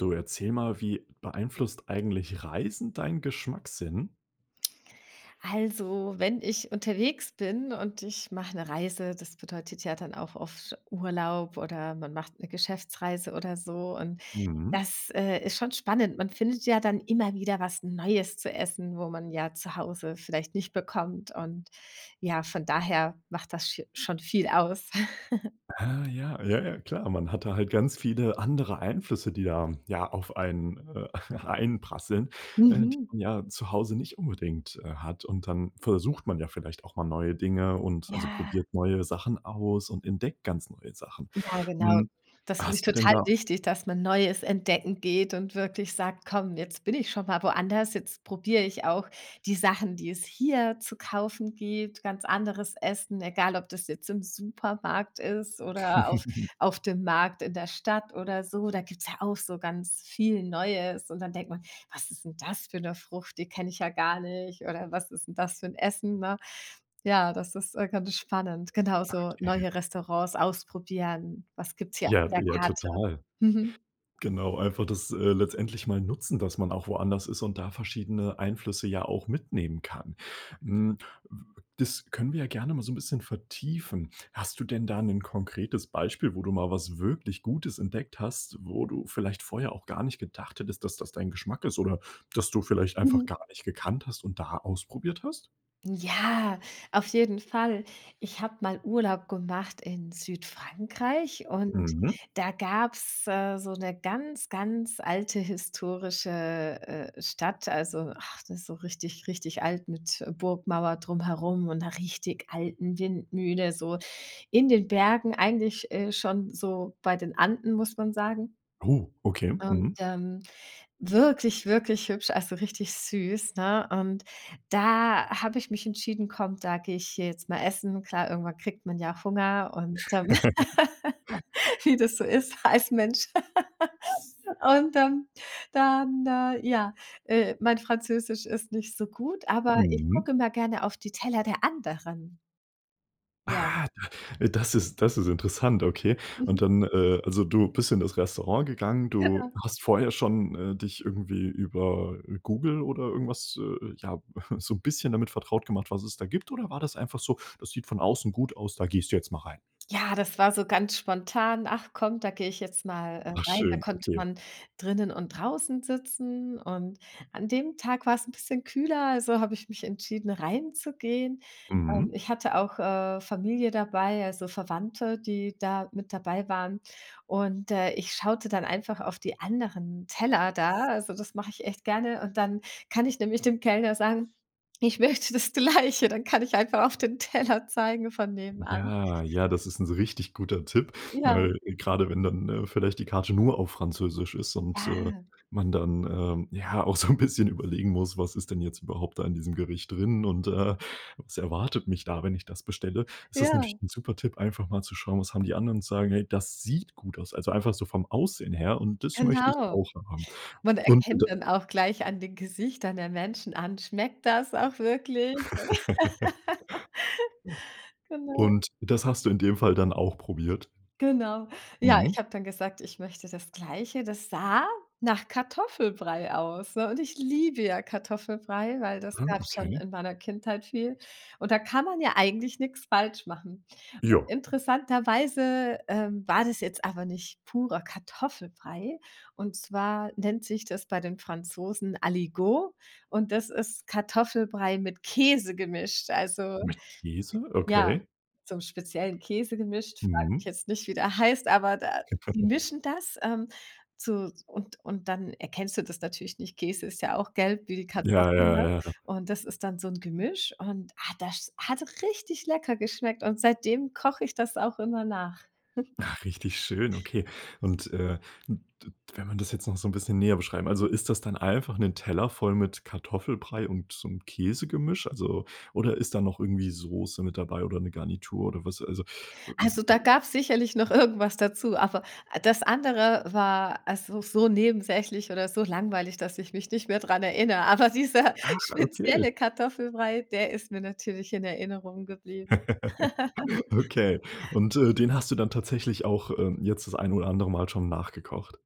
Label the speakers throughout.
Speaker 1: Du erzähle mal, wie beeinflusst eigentlich Reisen dein Geschmackssinn?
Speaker 2: Also, wenn ich unterwegs bin und ich mache 'ne Reise, das bedeutet ja dann auch oft Urlaub oder man macht 'ne Geschäftsreise oder so. Und
Speaker 1: Mhm.
Speaker 2: das, äh, ist schon spannend. Man findet ja dann immer wieder was Neues zu essen, wo man ja zu Hause vielleicht nicht bekommt. Und ja, von daher macht das sche schon viel aus.
Speaker 1: Ah, ja. Ja, ja, klar. Man hat da halt ganz viele andere Einflüsse, die da ja auf einen, äh, einprasseln, und,
Speaker 2: Mhm.
Speaker 1: ja zu Hause nicht unbedingt, äh, hat. Und dann versucht man ja vielleicht auch mal neue Dinge und also,
Speaker 2: Ja.
Speaker 1: probiert neue Sachen aus und entdeckt ganz neue Sachen.
Speaker 2: Ja, genau.
Speaker 1: Hm,
Speaker 2: Das finde ich
Speaker 1: hast du denn
Speaker 2: total
Speaker 1: da
Speaker 2: wichtig, dass man Neues entdecken geht und wirklich sagt: „Komm, jetzt bin ich schon mal woanders. Jetzt probiere ich auch die Sachen, die es hier zu kaufen gibt, ganz anderes Essen, egal ob das jetzt im Supermarkt ist oder auf auf dem Markt in der Stadt oder so.“ Da gibt's ja auch so ganz viel Neues. Und dann denkt man: „Was ist 'n das für 'ne Frucht? Die kenne ich ja gar nicht. Oder was ist 'n das für 'n Essen, ne?“ Ja, das ist, äh, ganz spannend. Genau, so
Speaker 1: Okay.
Speaker 2: neue Restaurants ausprobieren. Was gibt's hier auf
Speaker 1: Ja,
Speaker 2: der
Speaker 1: ja
Speaker 2: Karte?
Speaker 1: total.
Speaker 2: Mhm.
Speaker 1: Genau, einfach das, äh, letztendlich mal nutzen, dass man auch woanders ist und da verschiedene Einflüsse ja auch mitnehmen kann. Hm, das können wir ja gerne mal so ’n bisschen vertiefen. Hast du denn da 'nen konkretes Beispiel, wo du mal was wirklich Gutes entdeckt hast, wo du vielleicht vorher auch gar nicht gedacht hättest, dass das dein Geschmack ist oder dass du vielleicht einfach
Speaker 2: Mhm.
Speaker 1: gar nicht gekannt hast und da ausprobiert hast?
Speaker 2: Ja, auf jeden Fall. Ich habe mal Urlaub gemacht in Südfrankreich und
Speaker 1: Mhm.
Speaker 2: da gab's, äh, so 'ne ganz, ganz alte historische, äh, Stadt. Also, ach, das ist so richtig, richtig alt mit Burgmauer drumherum und 'ner richtig alten Windmühle, so in den Bergen, eigentlich, äh, schon so bei den Anden, muss man sagen.
Speaker 1: Oh, okay,
Speaker 2: Und
Speaker 1: mhm.
Speaker 2: ähm, wirklich, wirklich hübsch, also, richtig süß, ne? Und da habe ich mich entschieden: „Komm, da gehe ich hier jetzt mal essen.“ Klar, irgendwann kriegt man ja Hunger und, ähm, wie das so ist als Mensch. Und dann dann äh, ja, äh, mein Französisch ist nicht so gut, aber ich
Speaker 1: Mhm.
Speaker 2: gucke immer gerne auf die Teller der anderen. Ja.
Speaker 1: Ah, d das ist das ist interessant, okay. Und
Speaker 2: Mhm.
Speaker 1: dann, äh, also, du bist in das Restaurant gegangen. Du
Speaker 2: Genau.
Speaker 1: hast vorher schon, äh, dich irgendwie über Google oder irgendwas, äh, ja, so 'n bisschen damit vertraut gemacht, was es da gibt. Oder war das einfach so, das sieht von außen gut aus, da gehst du jetzt mal rein?
Speaker 2: Ja, das war so ganz spontan. Ach, komm, da gehe ich jetzt mal, äh,
Speaker 1: Ach
Speaker 2: rein. Da
Speaker 1: schön,
Speaker 2: konnte
Speaker 1: okay.
Speaker 2: man drinnen und draußen sitzen und an dem Tag war's 'n bisschen kühler, also, habe ich mich entschieden, reinzugehen. Ähm,
Speaker 1: Mhm.
Speaker 2: ich hatte auch, äh, Familie dabei, also, Verwandte, die da mit dabei waren. Und, äh, ich schaute dann einfach auf die anderen Teller da. Also, das mache ich echt gerne und dann kann ich nämlich dem Kellner sagen, ich möchte das Gleiche. Dann kann ich einfach auf den Teller zeigen von nebenan.
Speaker 1: Ja, ja, das ist 'n richtig guter Tipp,
Speaker 2: Ja.
Speaker 1: weil grade wenn dann, ne, vielleicht die Karte nur auf Französisch ist und, äh,
Speaker 2: Ja.
Speaker 1: man dann, ähm, ja auch so 'n bisschen überlegen muss: „Was ist denn jetzt überhaupt da in diesem Gericht drin und, äh, was erwartet mich da, wenn ich das bestelle?“ Ist das natürlich
Speaker 2: Ja.
Speaker 1: 'n super Tipp, einfach mal zu schauen, was haben die anderen sagen: „Hey das sieht gut aus.“ Also, einfach so vom Aussehen her und das möchte ich
Speaker 2: Genau.
Speaker 1: auch haben.
Speaker 2: Man
Speaker 1: Und d
Speaker 2: erkennt dann auch gleich an den Gesichtern der Menschen an. Schmeckt das auch wirklich? Genau.
Speaker 1: Und das hast du in dem Fall dann auch probiert?
Speaker 2: Genau. Ja,
Speaker 1: Mhm.
Speaker 2: ich habe dann gesagt, ich möchte das Gleiche, das sah nach Kartoffelbrei aus, ne? Und ich liebe ja Kartoffelbrei, weil das
Speaker 1: Ah,
Speaker 2: gab's schon
Speaker 1: okay.
Speaker 2: in meiner Kindheit viel. Und da kann man ja eigentlich nix falsch machen.
Speaker 1: Ja.
Speaker 2: Interessanterweise, äh, war das jetzt aber nicht purer Kartoffelbrei. Und zwar nennt sich das bei den Franzosen Aligot und das ist Kartoffelbrei mit Käse gemischt. Also,
Speaker 1: Mit Käse,
Speaker 2: ja,
Speaker 1: okay?
Speaker 2: so'm speziellen Käse gemischt, frage
Speaker 1: Mhm.
Speaker 2: mich jetzt nicht, wie der heißt, aber de die mischen das, ähm, zu und und dann erkennst du das natürlich nicht. Käse ist ja auch gelb wie die
Speaker 1: Ja,
Speaker 2: Kartoffeln,
Speaker 1: ja,
Speaker 2: ne,
Speaker 1: ja.
Speaker 2: und das ist dann so 'n Gemisch und, ah, das hat richtig lecker geschmeckt und seitdem koche ich das auch immer nach.
Speaker 1: Ach, richtig schön, okay. Und, äh, d d wenn man das jetzt noch so 'n bisschen näher beschreiben also, ist das dann einfach 'n Teller voll mit Kartoffelbrei und so 'n Käsegemisch? Also oder ist da noch irgendwie Soße mit dabei oder 'ne Garnitur oder was? Also
Speaker 2: Also, da gab's sicherlich noch irgendwas dazu, aber das andere war, also, so nebensächlich oder so langweilig, dass ich mich nicht mehr daran erinnere. Aber dieser
Speaker 1: Ach. Okay.
Speaker 2: spezielle Kartoffelbrei, der ist mir natürlich in Erinnerung geblieben.
Speaker 1: Okay. Und, äh, den hast du dann tatsächlich auch, äh, jetzt das ein oder andere Mal schon nachgekocht?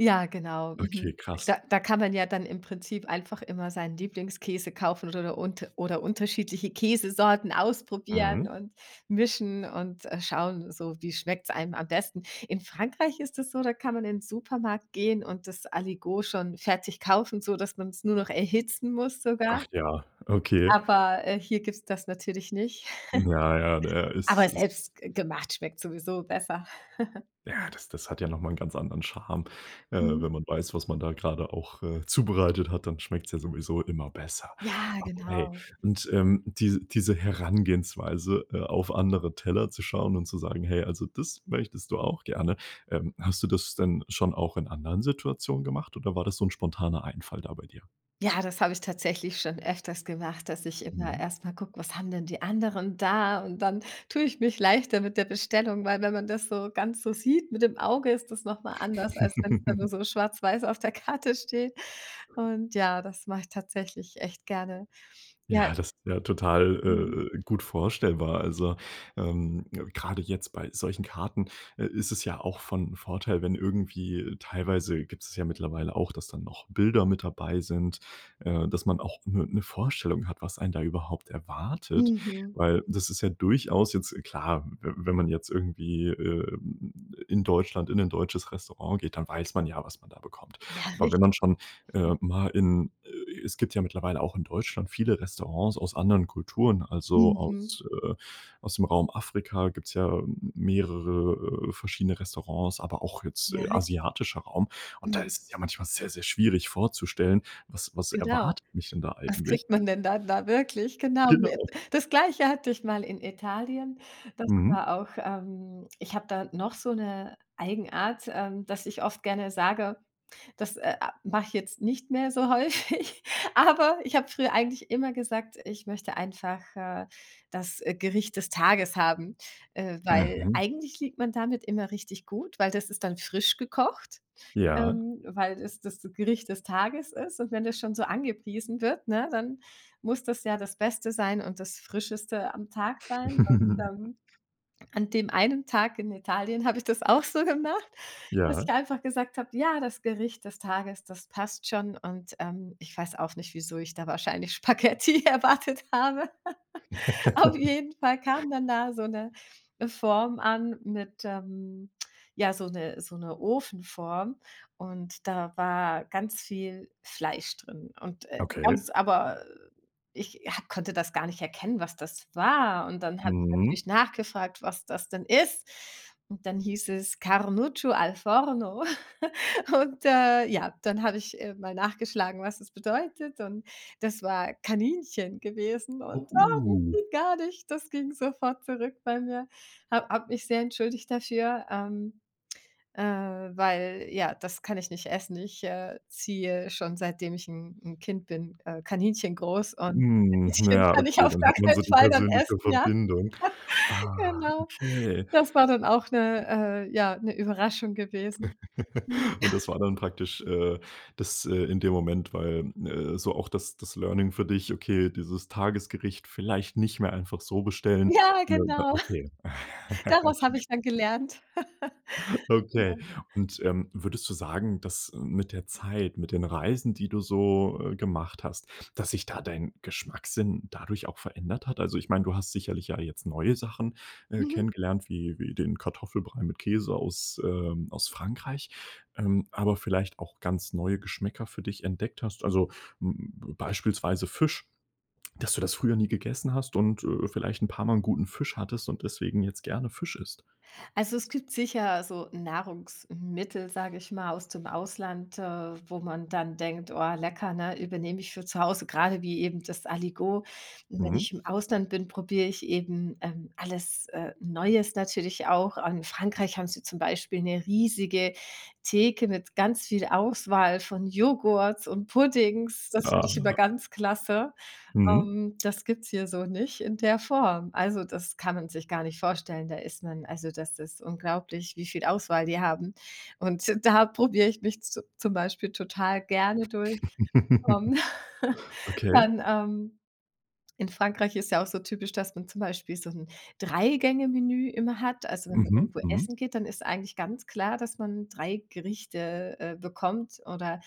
Speaker 2: Ja, genau. Mhm,
Speaker 1: Okay, krass.
Speaker 2: da da kann man ja dann im Prinzip einfach immer seinen Lieblingskäse kaufen oder unt oder unterschiedliche Käsesorten ausprobieren
Speaker 1: Mhm.
Speaker 2: und mischen und, äh, schauen so, wie schmeckt's einem am besten? In Frankreich ist das so, da kann man in 'n Supermarkt gehen und das Aligot schon fertig kaufen, sodass man's nur noch erhitzen muss sogar.
Speaker 1: Ach ja, okay.
Speaker 2: Aber, äh, hier gibt's das natürlich nicht.
Speaker 1: Na ja, der ist
Speaker 2: Aber
Speaker 1: ist
Speaker 2: selbst g gemacht schmeckt sowieso besser.
Speaker 1: ja, das das hat ja noch mal 'n ganz anderen Charme. Äh,
Speaker 2: Mhm.
Speaker 1: wenn man weiß, was man da grade auch, äh, zubereitet hat, dann schmeckt's ja sowieso immer besser.
Speaker 2: Ja,
Speaker 1: Okay.
Speaker 2: genau.
Speaker 1: Und, ähm, diese diese Herangehensweise, äh, auf andere Teller zu schauen und zu sagen, hey, also, das möchtest du auch gerne. Ähm, hast du das denn schon auch in anderen Situationen gemacht oder war das so 'n spontaner Einfall da bei dir?
Speaker 2: Ja, das habe ich tatsächlich schon öfters gemacht, dass ich immer
Speaker 1: Mhm.
Speaker 2: erst mal gucke, was haben denn die anderen da. Und dann tue ich mich leichter mit der Bestellung, weil wenn man das so ganz so sieht mit dem Auge, ist das noch mal anders, als wenn's dann nur so schwarz-weiß auf der Karte steht. Und ja, das mache ich tatsächlich echt gerne. Ja.
Speaker 1: Ja, das ist ja total,
Speaker 2: Mhm.
Speaker 1: äh äh, gut vorstellbar. Also, ähm, grade jetzt bei solchen Karten ist es ja auch von Vorteil, wenn irgendwie teilweise gibt es ja mittlerweile auch, dass dann noch Bilder mit dabei sind, äh, dass man auch 'ne 'ne Vorstellung hat, was einen da überhaupt erwartet,
Speaker 2: Mhm.
Speaker 1: Weil das ist ja durchaus jetzt klar, wenn wenn man jetzt irgendwie, ähm, in Deutschland in 'nen deutsches Restaurant geht, dann weiß man ja, was man da bekommt.
Speaker 2: Ja,
Speaker 1: Aber wenn
Speaker 2: richtig,
Speaker 1: man schon,
Speaker 2: hm.
Speaker 1: äh, mal in es gibt ja mittlerweile auch in Deutschland viele Restaurants aus anderen Kulturen, also,
Speaker 2: Mhm.
Speaker 1: aus, äh, aus dem Raum Afrika gibt's ja mehrere äh, verschiedene Restaurants, aber auch jetzt
Speaker 2: Ja, richtig.
Speaker 1: asiatischer Raum. Und da
Speaker 2: Mhm.
Speaker 1: ist es ja manchmal sehr, sehr schwierig vorzustellen, was was
Speaker 2: Genau.
Speaker 1: erwartet mich denn da
Speaker 2: Was
Speaker 1: eigentlich?
Speaker 2: kriegt man denn dann da da wirklich? Genau.
Speaker 1: Genau.
Speaker 2: Das Gleiche hatte ich mal in Italien. Das
Speaker 1: Mhm.
Speaker 2: war auch ähm, ich habe da noch so 'ne Eigenart, ähm, dass ich oft gerne sage, das, äh, mache ich jetzt nicht mehr so häufig. Aber ich habe früher eigentlich immer gesagt: „Ich möchte einfach, äh, das, äh, Gericht des Tages haben,“ äh, weil
Speaker 1: Mhm.
Speaker 2: eigentlich liegt man damit immer richtig gut, weil das ist dann frisch gekocht,
Speaker 1: Ja.
Speaker 2: ähm, weil das das Gericht des Tages ist. Und wenn das schon so angepriesen wird, ne, dann muss das ja das Beste sein und das Frischeste am Tag sein. Und, ähm, an dem einen Tag in Italien habe ich das auch so gemacht, dass ich
Speaker 1: Ja.
Speaker 2: einfach gesagt habe, “ja, das Gericht des Tages, das passt schon“. Und, ähm, ich weiß auch nicht, wieso ich da wahrscheinlich Spaghetti erwartet habe. Auf jeden Fall kam dann da so 'ne Form an mit, ähm, ja so 'ne so 'ne Ofenform. Und da war ganz viel Fleisch drin. Und, äh,
Speaker 1: Okay.
Speaker 2: ganz aber ich, ja, konnte das gar nicht erkennen, was das war. Und dann habe ich
Speaker 1: Mhm.
Speaker 2: natürlich nachgefragt, was das denn ist. Und dann hieß es Carnuccio Al Forno. Und, äh, ja, dann habe ich, äh, mal nachgeschlagen, was das bedeutet. Und das war Kaninchen gewesen
Speaker 1: Oh,
Speaker 2: und, ah, ging
Speaker 1: uh.
Speaker 2: gar nicht. Das ging sofort zurück bei mir. Habe habe mich sehr entschuldigt dafür, ähm, äh, weil, ja, das kann ich nicht essen. Ich, äh, ziehe schon, seitdem ich 'n 'n Kind bin, äh, Kaninchen groß und
Speaker 1: Hm. Na
Speaker 2: Kaninchen
Speaker 1: ja,
Speaker 2: kann ich
Speaker 1: okay,
Speaker 2: auf
Speaker 1: dann
Speaker 2: gar
Speaker 1: hat man so
Speaker 2: keinen
Speaker 1: die
Speaker 2: Fall dann
Speaker 1: persönliche
Speaker 2: essen, ja.
Speaker 1: Verbindung. Ah,
Speaker 2: Genau.
Speaker 1: okay.
Speaker 2: Das war dann auch 'ne äh, ja, 'ne Überraschung gewesen. Mhm.
Speaker 1: Und das war dann praktisch, äh, das in dem Moment, weil, äh, so auch das das Learning für dich, okay, dieses Tagesgericht vielleicht nicht mehr einfach so bestellen.
Speaker 2: Ja,
Speaker 1: Ne,
Speaker 2: genau.
Speaker 1: okay.
Speaker 2: Daraus habe ich dann gelernt.
Speaker 1: Okay.
Speaker 2: Genau.
Speaker 1: Und, ähm, würdest du sagen, dass mit der Zeit, mit den Reisen, die du so, äh, gemacht hast, dass sich da dein Geschmackssinn dadurch auch verändert hat? Also, ich meine, du hast sicherlich ja jetzt neue Sachen, äh,
Speaker 2: Mhm.
Speaker 1: kennengelernt, wie wie den Kartoffelbrei mit Käse aus, ähm, aus Frankreich. Ähm, aber vielleicht auch ganz neue Geschmäcker für dich entdeckt hast. Also, hm, b beispielsweise Fisch, dass du das früher nie gegessen hast und, äh, vielleicht 'n paar mal 'n guten Fisch hattest und deswegen jetzt gerne Fisch isst.
Speaker 2: Also, es gibt sicher so Nahrungsmittel, sage ich mal, aus dem Ausland, äh, wo man dann denkt: „Oh lecker, ne, übernehme ich für zu Hause,“ grade wie eben das Aligot. Wenn
Speaker 1: Mhm.
Speaker 2: ich im Ausland bin, probiere ich eben, ähm, alles, äh, Neues natürlich auch. In Frankreich haben sie zum Beispiel 'ne riesige Theke mit ganz viel Auswahl von Joghurts und Puddings. Das finde ich immer
Speaker 1: Ah.
Speaker 2: ganz klasse.
Speaker 1: Mhm.
Speaker 2: Ähm. Das gibt's hier so nicht in der Form. Also, das kann man sich gar nicht vorstellen, da ist man also, das ist unglaublich, wie viel Auswahl die haben. Und da probiere ich mich zu zum Beispiel total gerne durch. Ähm,
Speaker 1: Okay.
Speaker 2: dann, ähm, in Frankreich ist ja auch so typisch, dass man zum Beispiel so 'n 3- Gänge-Menü immer hat. Also wenn man
Speaker 1: Mhm,
Speaker 2: irgendwo
Speaker 1: mhm.
Speaker 2: essen geht, dann ist eigentlich ganz klar, dass man 3 Gerichte, äh, bekommt oder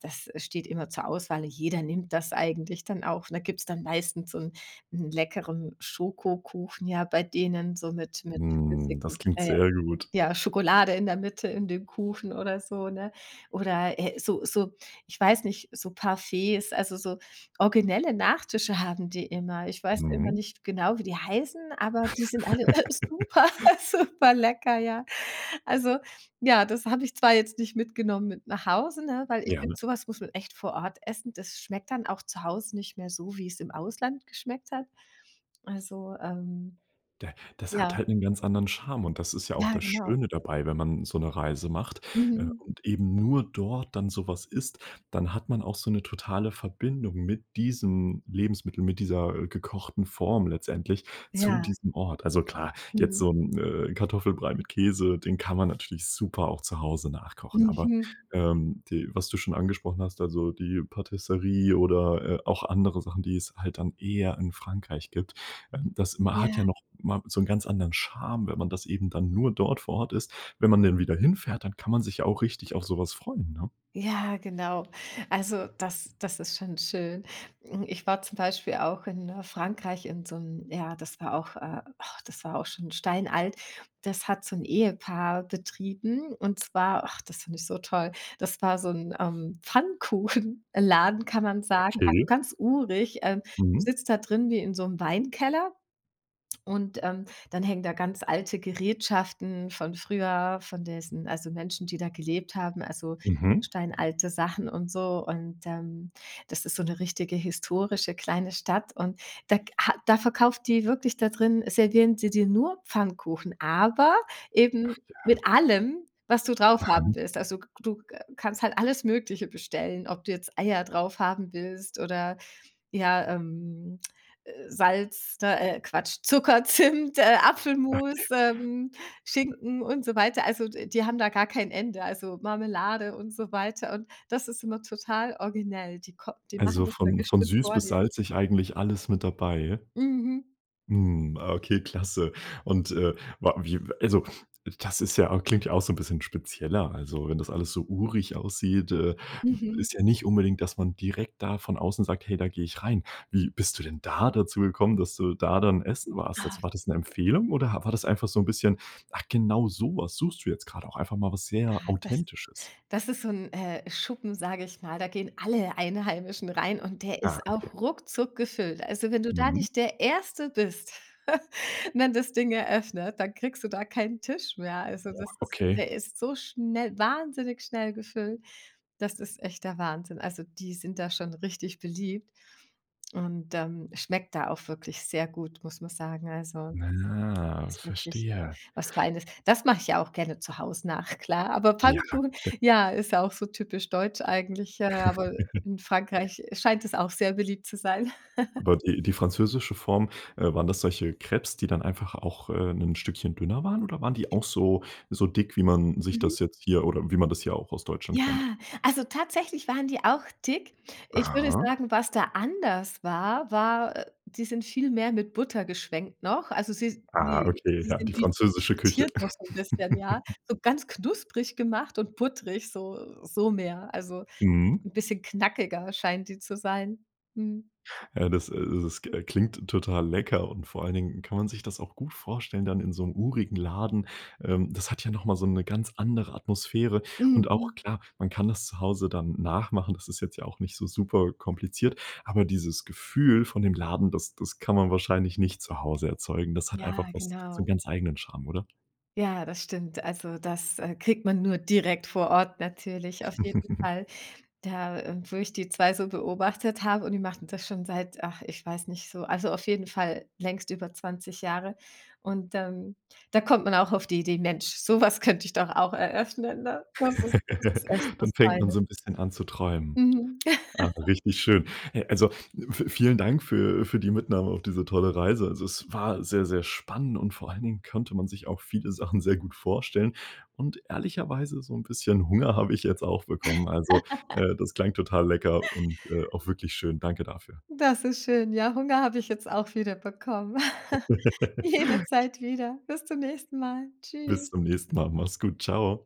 Speaker 2: das steht immer zur Auswahl. Jeder nimmt das eigentlich dann auch. Und da gibt's dann meistens so 'n 'n leckeren Schokokuchen, ja, bei denen so mit mit
Speaker 1: Hm, das
Speaker 2: flüssigem,
Speaker 1: klingt
Speaker 2: äh,
Speaker 1: sehr gut.
Speaker 2: ja, Schokolade in der Mitte in dem Kuchen oder so, ne? Oder, äh, so so ich weiß nicht, so Parfaits, also, so originelle Nachtische haben die immer. Ich weiß immer
Speaker 1: Mhm.
Speaker 2: nicht genau, wie die heißen, aber die sind alle super, superlecker, ja. Also ja, das habe ich zwar jetzt nicht mitgenommen mit nach Hause, ne, weil
Speaker 1: Ja,
Speaker 2: finde
Speaker 1: ne?
Speaker 2: so was muss man echt vor Ort essen. Das schmeckt dann auch zu Hause nicht mehr so, wie's im Ausland geschmeckt hat. Also, ähm,
Speaker 1: Da das hat
Speaker 2: ja.
Speaker 1: halt 'n ganz anderen Charme und das ist ja auch
Speaker 2: Ja,
Speaker 1: das
Speaker 2: genau.
Speaker 1: Schöne dabei, wenn man so 'ne Reise macht
Speaker 2: Mhm.
Speaker 1: und, äh, eben nur dort dann so was isst, dann hat man auch so 'ne totale Verbindung mit diesem Lebensmittel, mit dieser gekochten Form letztendlich zu
Speaker 2: Ja.
Speaker 1: diesem Ort. Also, klar, jetzt
Speaker 2: Mhm.
Speaker 1: so 'n, äh, Kartoffelbrei mit Käse, den kann man natürlich super auch zu Hause nachkochen. Aber,
Speaker 2: Mhm.
Speaker 1: ähm, die was du schon angesprochen hast, also, die Patisserie oder, äh, auch, andere Sachen, die es halt dann eher in Frankreich gibt, ähm, das ma hat
Speaker 2: Ja.
Speaker 1: ja noch mal so 'n ganz anderen Charme, wenn man das eben dann nur dort vor Ort isst. Wenn man dann wieder hinfährt, dann kann man sich auch richtig auf sowas freuen, ne?
Speaker 2: Ja, genau. Also, das das ist schon schön. Hm, ich war zum Beispiel auch in, äh, Frankreich in so 'n ja, das war auch äh, ach, das war auch schon steinalt. Das hat so 'n Ehepaar betrieben und zwar ach, das fand ich so toll, das war so 'n, ähm, Pfannkuchenladen, kann man sagen, also,
Speaker 1: Okay.
Speaker 2: ganz urig. Äh, du
Speaker 1: Mhm.
Speaker 2: sitzt da drin wie in so'm Weinkeller. Und, ähm, dann hängen da ganz alte Gerätschaften von früher, von diesen also, Menschen, die da gelebt haben, also,
Speaker 1: Mhm.
Speaker 2: steinalte Sachen und so. Und, ähm, das ist so 'ne richtige historische kleine Stadt und da ha da verkauft die wirklich da drin servieren sie dir nur Pfannkuchen, aber eben
Speaker 1: Ach, ja.
Speaker 2: mit allem, was du draufhaben
Speaker 1: Mhm.
Speaker 2: willst. Also, du, äh, kannst halt alles Mögliche bestellen, ob du jetzt Eier draufhaben willst oder ja, ähm, äh, Salz, äh, Quatsch, Zucker, Zimt, äh, Apfelmus,
Speaker 1: Okay.
Speaker 2: ähm, Schinken und so weiter. Also, d die haben da gar kein Ende, also, Marmelade und so weiter und das ist immer total originell. Die kom die machen
Speaker 1: Also,
Speaker 2: das dann
Speaker 1: von von
Speaker 2: bestimmt
Speaker 1: süß
Speaker 2: vor
Speaker 1: bis
Speaker 2: dir.
Speaker 1: salzig eigentlich alles mit dabei.
Speaker 2: Mhm.
Speaker 1: Hm. Okay, klasse. Und, äh, war wie also, das ist ja klingt auch so 'n bisschen spezieller. Also, wenn das alles so urig aussieht, äh,
Speaker 2: Mhm.
Speaker 1: ist ja nicht unbedingt, dass man direkt da von außen sagt: „Hey, da gehe ich rein.“ Wie bist du denn da dazu gekommen, dass du da dann essen warst?
Speaker 2: Ah.
Speaker 1: Also, war das 'ne Empfehlung oder war das einfach so 'n bisschen ach genau, so was suchst du jetzt gerade, auch einfach mal was sehr
Speaker 2: Ah, das
Speaker 1: Authentisches.
Speaker 2: das ist so 'n, äh, Schuppen, sage ich mal. Da gehen alle Einheimischen rein und der
Speaker 1: Ah,
Speaker 2: ist
Speaker 1: okay.
Speaker 2: auch ruckzuck gefüllt. Also, wenn du da
Speaker 1: Mhm.
Speaker 2: nicht der 1. bist, wenn das Ding eröffnet, dann kriegst du da keinen Tisch mehr. Also,
Speaker 1: Ja.
Speaker 2: das ist
Speaker 1: Okay.
Speaker 2: der ist so schnell wahnsinnig schnell gefüllt, das ist echt der Wahnsinn. Also, die sind da schon richtig beliebt und, ähm, schmeckt da auch wirklich sehr gut, muss man sagen. Also,
Speaker 1: Na,
Speaker 2: das
Speaker 1: ja,
Speaker 2: ist wirklich
Speaker 1: verstehe.
Speaker 2: was Feines. Das mache ich ja auch gerne zu Hause nach, klar. Aber
Speaker 1: Ja,
Speaker 2: Pfannkuchen,
Speaker 1: d
Speaker 2: ja, ist ja auch so typisch deutsch eigentlich, ja, aber in Frankreich, äh, scheint es auch sehr beliebt zu sein.
Speaker 1: Aber die die französische Form, äh, waren das solche Crêpes, die dann einfach auch, äh, 'nen Stückchen dünner waren, oder waren die auch so so dick wie man sich
Speaker 2: Mhm.
Speaker 1: das jetzt hier oder wie man das hier auch aus Deutschland kennt?
Speaker 2: Ja, also, tatsächlich waren die auch dick. Ich würde
Speaker 1: Aha.
Speaker 2: sagen, was da anders war, war, äh die sind viel mehr mit Butter geschwenkt noch. Also, sie
Speaker 1: Ah,
Speaker 2: sie
Speaker 1: okay,
Speaker 2: sie
Speaker 1: ja, die
Speaker 2: sind [unintelligible]
Speaker 1: französische Küche.
Speaker 2: frittiert, noch so 'n bisschen, ja? So ganz knusprig gemacht und buttrig, so so mehr. Also
Speaker 1: Mhm.
Speaker 2: 'n bisschen knackiger scheinen die zu sein. Mhm.
Speaker 1: Ja, äh, das äh, das, äh, klingt total lecker und vor allen Dingen kann man sich das auch gut vorstellen dann in so'm urigen Laden. Ähm, das hat ja noch mal so 'ne ganz andere Atmosphäre und auch
Speaker 2: Mhm.
Speaker 1: klar, man kann das zu Hause dann nachmachen, das ist jetzt ja auch nicht so super kompliziert, aber dieses Gefühl von dem Laden, das das kann man wahrscheinlich nicht zu Hause erzeugen. Das hat einfach
Speaker 2: Ja,
Speaker 1: was so
Speaker 2: genau.
Speaker 1: 'n ganz eigenen Charme, oder?
Speaker 2: Ja, das stimmt. Also, das, äh, kriegt man nur direkt vor Ort, natürlich auf jeden Fall. Da, äh, wo ich die 2 so beobachtet habe, und die machten das schon seit ach, ich weiß nicht so. Also, auf jeden Fall längst über 20 Jahre. Und, ähm, da kommt man auch auf die Idee: „Mensch, so was könnte ich doch auch eröffnen, ne?“ Das ist das ist echt was
Speaker 1: Dann fängt man
Speaker 2: Feines.
Speaker 1: so 'n bisschen an zu träumen.
Speaker 2: Mhm.
Speaker 1: Ah, richtig schön. Äh, also, v vielen Dank für für die Mitnahme auf diese tolle Reise. Also, es war sehr, sehr spannend und vor allen Dingen könnte man sich auch viele Sachen sehr gut vorstellen. Und ehrlicherweise so 'n bisschen Hunger habe ich jetzt auch bekommen. Also, äh, das klang total lecker und, äh, auch wirklich schön. Danke dafür.
Speaker 2: Das ist schön. Ja, Hunger habe ich jetzt auch wieder bekommen. Jederzeit wieder. Bis zum nächsten Mal.
Speaker 1: Bis
Speaker 2: Tschüss.
Speaker 1: zum nächsten Mal. Mach's gut. Tschau.